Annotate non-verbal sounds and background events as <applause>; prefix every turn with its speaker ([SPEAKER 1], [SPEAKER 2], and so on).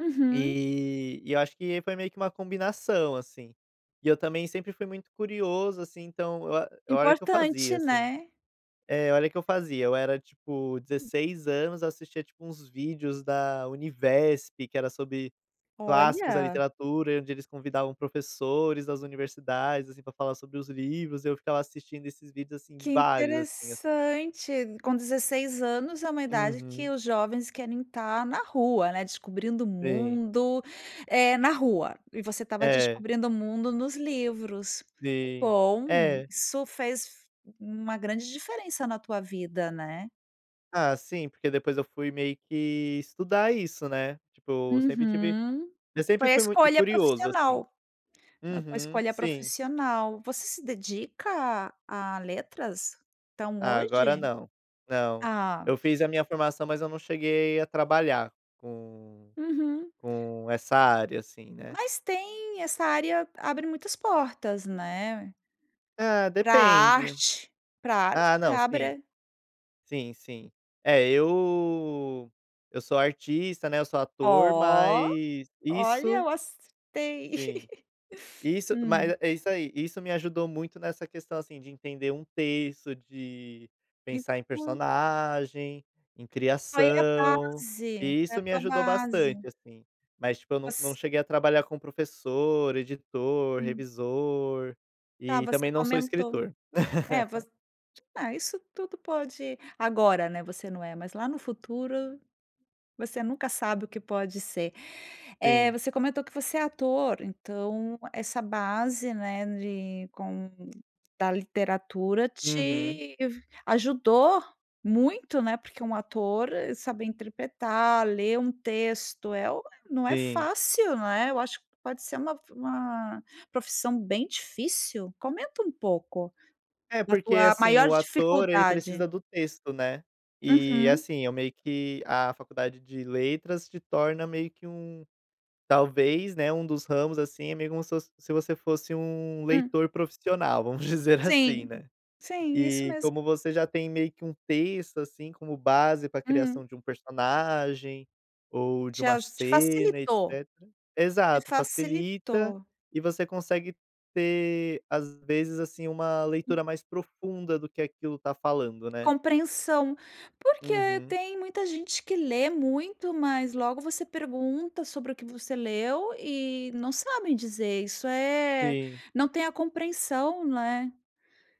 [SPEAKER 1] Uhum.
[SPEAKER 2] E e eu acho que foi meio que uma combinação, assim. E eu, também, sempre fui muito curioso, assim. Então, a olha que eu fazia,
[SPEAKER 1] Importante,
[SPEAKER 2] assim
[SPEAKER 1] né.
[SPEAKER 2] É. Olha o que eu fazia. Eu era, tipo,
[SPEAKER 1] Sim.
[SPEAKER 2] 16 anos, assistia, tipo, uns vídeos da UNIVESP, que era sobre clássicos da
[SPEAKER 1] Olha.
[SPEAKER 2] literatura, e onde eles convidavam professores das universidades, assim, pra falar sobre os livros. Eu ficava assistindo esses vídeos, assim,
[SPEAKER 1] Que
[SPEAKER 2] vários assim assim.
[SPEAKER 1] interessante. Com 16 anos é uma idade
[SPEAKER 2] Uhum.
[SPEAKER 1] que os jovens querem estar na rua, né, descobrindo o
[SPEAKER 2] Sim.
[SPEAKER 1] mundo, eh, na rua, e você estava
[SPEAKER 2] É.
[SPEAKER 1] descobrindo o mundo nos livros. Que
[SPEAKER 2] Sim.
[SPEAKER 1] bom!
[SPEAKER 2] É.
[SPEAKER 1] Isso fez uma grande diferença na tua vida, né?
[SPEAKER 2] Ah, sim, porque depois eu fui meio que estudar isso, né. Tipo, eu sempre tive
[SPEAKER 1] Uhum.
[SPEAKER 2] eu sempre
[SPEAKER 1] Foi a
[SPEAKER 2] fui mui
[SPEAKER 1] escolha
[SPEAKER 2] curioso ,assim.
[SPEAKER 1] profissional. Foi a
[SPEAKER 2] Uhum.
[SPEAKER 1] escolha
[SPEAKER 2] Sim.
[SPEAKER 1] profissional. Você se dedica a a letras? Então,
[SPEAKER 2] Ah agora
[SPEAKER 1] hoje?
[SPEAKER 2] não, não.
[SPEAKER 1] Ah.
[SPEAKER 2] Eu fiz a minha formação, mas eu não cheguei a trabalhar com
[SPEAKER 1] Uhum.
[SPEAKER 2] com essa área, assim, né.
[SPEAKER 1] Mas tem. Essa área abre muitas portas, né.
[SPEAKER 2] Ah,
[SPEAKER 1] Pra
[SPEAKER 2] depende.
[SPEAKER 1] arte. Pra arte,
[SPEAKER 2] Ah
[SPEAKER 1] né,
[SPEAKER 2] não, sim.
[SPEAKER 1] abre
[SPEAKER 2] Sim, sim. É eu eu sou artista, né, eu sou ator
[SPEAKER 1] Ó,
[SPEAKER 2] mas,
[SPEAKER 1] olha,
[SPEAKER 2] isso
[SPEAKER 1] eu gostei.
[SPEAKER 2] Sim.
[SPEAKER 1] <laughs>
[SPEAKER 2] Isso mas
[SPEAKER 1] Hum.
[SPEAKER 2] eh, é isso aí. Isso me ajudou muito nessa questão, assim, de entender um texto, de
[SPEAKER 1] E
[SPEAKER 2] pensar em
[SPEAKER 1] tu
[SPEAKER 2] personagem, em
[SPEAKER 1] Ai é a
[SPEAKER 2] criação,
[SPEAKER 1] base.
[SPEAKER 2] e
[SPEAKER 1] É a
[SPEAKER 2] isso me
[SPEAKER 1] tua
[SPEAKER 2] ajudou bastante
[SPEAKER 1] base.
[SPEAKER 2] assim. Mas, tipo, eu não não
[SPEAKER 1] Voc
[SPEAKER 2] cheguei a trabalhar com professor, editor,
[SPEAKER 1] Hum.
[SPEAKER 2] revisor,
[SPEAKER 1] Tá,
[SPEAKER 2] e,
[SPEAKER 1] você
[SPEAKER 2] também, não sou
[SPEAKER 1] comentou.
[SPEAKER 2] escritor.
[SPEAKER 1] É
[SPEAKER 2] <laughs>
[SPEAKER 1] você é isso tudo pode agora, né, você não é, mas lá no futuro, você nunca sabe o que pode ser. Eh,
[SPEAKER 2] Sim.
[SPEAKER 1] você comentou que você é ator, então essa base, né, de com da literatura,
[SPEAKER 2] Uhum.
[SPEAKER 1] te ajudou muito, né. Porque um ator é saber interpretar, ler um texto é o não é
[SPEAKER 2] Sim.
[SPEAKER 1] fácil não é, eu acho que pode ser f uma uma profissão bem difícil. Comenta um pouco,
[SPEAKER 2] É
[SPEAKER 1] da
[SPEAKER 2] porque,
[SPEAKER 1] tua
[SPEAKER 2] assim,
[SPEAKER 1] maior
[SPEAKER 2] o ator ele
[SPEAKER 1] dificuldade.
[SPEAKER 2] precisa do texto, né. E
[SPEAKER 1] Uhum.
[SPEAKER 2] assim, eu meio que a faculdade de Letras te torna meio que um talvez, né, um dos ramos assim, é meio como se fos se você fosse um
[SPEAKER 1] Hum.
[SPEAKER 2] leitor profissional, vamos dizer assim,
[SPEAKER 1] Sim.
[SPEAKER 2] né.
[SPEAKER 1] Sim, isso
[SPEAKER 2] E
[SPEAKER 1] mesmo.
[SPEAKER 2] como você já tem meio que um texto, assim, como base pra criação
[SPEAKER 1] Hum.
[SPEAKER 2] de um personagem, ou de
[SPEAKER 1] Te
[SPEAKER 2] uma
[SPEAKER 1] aju te
[SPEAKER 2] cena,
[SPEAKER 1] facilitou.
[SPEAKER 2] etecetera.
[SPEAKER 1] Te
[SPEAKER 2] Exato, facilita.
[SPEAKER 1] facilitou.
[SPEAKER 2] E você consegue ter, às vezes, assim, uma
[SPEAKER 1] Hum.
[SPEAKER 2] leitura mais profunda do que aquilo tá falando, né.
[SPEAKER 1] Compreensão. Porque
[SPEAKER 2] Uhum.
[SPEAKER 1] tem muita gente que lê muito, mas logo você pergunta: "Sobre o que você leu?" e não sabem dizer, isso é,
[SPEAKER 2] Sim.
[SPEAKER 1] não tem a compreensão, não é.